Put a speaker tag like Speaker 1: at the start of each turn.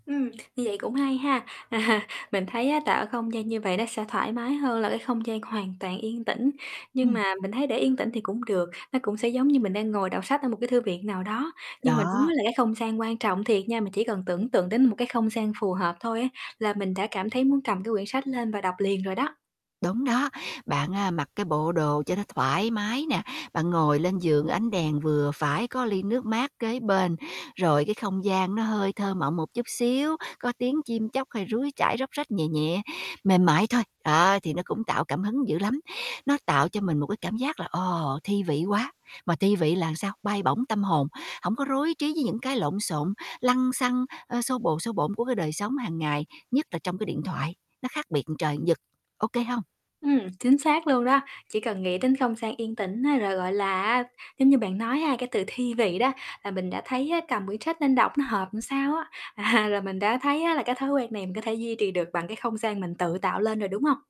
Speaker 1: Ừm, như vậy cũng hay ha. Mình thấy á, tạo không gian như vậy nó sẽ thoải mái hơn là cái không gian hoàn toàn yên tĩnh. Nhưng
Speaker 2: Ừm.
Speaker 1: mà mình thấy để yên tĩnh thì cũng được, nó cũng sẽ giống như mình đang ngồi đọc sách ở một cái thư viện nào đó. Nhưng mà đúng
Speaker 2: Đó.
Speaker 1: ấy là cái không gian quan trọng thiệt nha, mình chỉ cần tưởng tượng đến một cái không gian phù hợp thôi ấy, là mình đã cảm thấy muốn cầm cái quyển sách lên và đọc liền rồi đó.
Speaker 2: Đúng đó. Bạn, a, mặc cái bộ đồ cho nó thoải mái nè, bạn ngồi lên giường, ánh đèn vừa phải, có ly nước mát kế bên. Rồi cái không gian nó hơi thơ mộng một chút xíu, có tiếng chim chóc hay suối chảy róc rách nhẹ nhẹ, mềm mại thôi, đó, thì nó cũng tạo cảm hứng dữ lắm. Nó tạo cho mình một cái cảm giác là, ồ, thi vị quá. Mà thi vị là làm sao? Bay bổng tâm hồn, hổng có rối trí với những cái lộn xộn, lăng xăng, ơ, xô bồ xô bộn của cái đời sống hàng ngày, nhất là trong cái điện thoại, nó khác biệt một trời một vực, OK hông?
Speaker 1: Ừm, chính xác luôn đó. Chỉ cần nghĩ đến không gian yên tĩnh ấy, rồi, gọi là á, giống như bạn nói ha, cái từ thi vị đó, là mình đã thấy á cầm quyển sách nên đọc nó hợp làm sao á. À, là mình đã thấy á là cái thói quen này mình có thể duy trì được bằng cái không gian mình tự tạo lên rồi, đúng hông?